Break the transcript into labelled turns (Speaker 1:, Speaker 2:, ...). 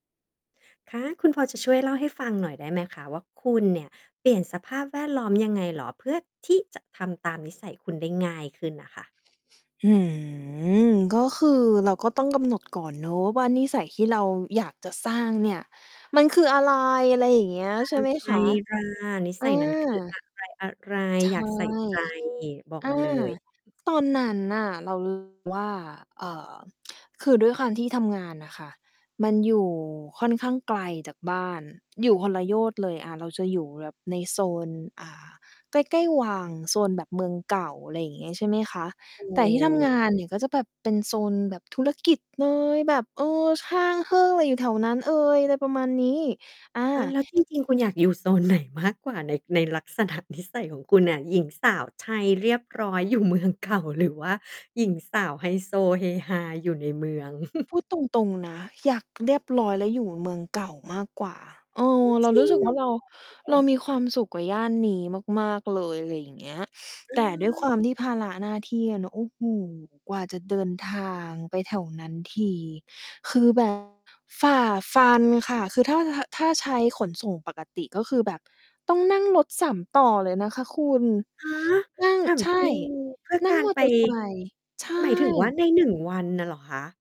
Speaker 1: คะ คุณพอจะช่วยเล่าให้ฟังหน่อยได้ไหมคะว่า คุณเนี่ย เปลี่ยนสภาพแวดล้อมยังไงเหรอ เพื่อที่จะทำตามนิสัยคุณได้ง่ายขึ้นน่ะค่ะ?
Speaker 2: หือ ก็คือเราก็ต้องกำหนดก่อนเนาะว่า นิสัยที่เราอยากจะสร้างเนี่ย มันคืออะไร? อะไรอย่างเงี้ย
Speaker 1: อะ
Speaker 2: ใช่ไหม
Speaker 1: ไร
Speaker 2: คะ?
Speaker 1: ล่ะ? นิ
Speaker 2: อ
Speaker 1: สัยนั้น คืออ
Speaker 2: า
Speaker 1: ะไร อะไร?
Speaker 2: ใช่
Speaker 1: อยากใส่ใจ บอก
Speaker 2: อา
Speaker 1: มาเลย
Speaker 2: ตอนนั้นน่ะ เรา รู้สึก ว่า เอ่อ คือด้วยความที่ทำงานน่ะค่ะ มันอยู่ค่อนข้างไกลจากบ้าน อยู่คนละโยชน์เลย อา เราจะอยู่ในโซน อ่า ใกล้ ๆ วัง โซนแบบเมืองเก่า อะไรอย่างงี้ ใช่ไหมคะ
Speaker 1: โอ
Speaker 2: แต่ที่ทำงานเนี่ย ก็
Speaker 1: ้
Speaker 2: จะแบบเป็นโซนแบบธุรกิจเลย แบบ เออ ช่างเฮ้อ อยู่แถวนั้น เออ อะไรประมาณนี้ อ่า
Speaker 1: อา แล้วจริง ๆ คุณอยากอยู่ โซนไหนมากกว่า ใน ในลักษณะนิสัย ของคุณน่ะ หญิงสาวไทยเรียบร้อย อยู่เมืองเก่า หรือว่าหญิงสาวไฮโซเฮฮาอยู่ในเมือง
Speaker 2: พูดตรง ๆ นะ อยากเรียบร้อยแล้วอยู่เมืองเก่ามากกว่า เอ
Speaker 1: โอ้
Speaker 2: อ เร
Speaker 1: จ
Speaker 2: า
Speaker 1: ร
Speaker 2: รู
Speaker 1: ิ
Speaker 2: ้ส
Speaker 1: ง
Speaker 2: ึก ว่าเรา
Speaker 1: [unintelligible] เหร
Speaker 2: เร
Speaker 1: อ?
Speaker 2: ามีความสุขกว่าย่านนี้มาก ๆ เลย อะไรอย่างเงี้ย
Speaker 1: อ
Speaker 2: แต่ด้วยค
Speaker 1: า
Speaker 2: วามที่ภาระหน้าที่อะเนาะ โอ้โฮ กว่าจะเดินทางไปแถวนั้นที คือ แบบ ฝ่าฟันค่ะ คือถ้า ทะ ถ้าใช้ขนส่งปกติ ก็คือแบบต้องนั่งรถ 3 ต่อเลยนะคะคุณ
Speaker 1: ฮะ
Speaker 2: อือ
Speaker 1: ถาม
Speaker 2: ใช่
Speaker 1: จริง? เพื่อ
Speaker 2: นั่
Speaker 1: ก
Speaker 2: ง
Speaker 1: าร
Speaker 2: มอ
Speaker 1: ไป
Speaker 2: เตอร์ไซค์ ใช
Speaker 1: หมายถึงว่า
Speaker 2: ่
Speaker 1: ใน 1 วันน่ะเหรอคะ?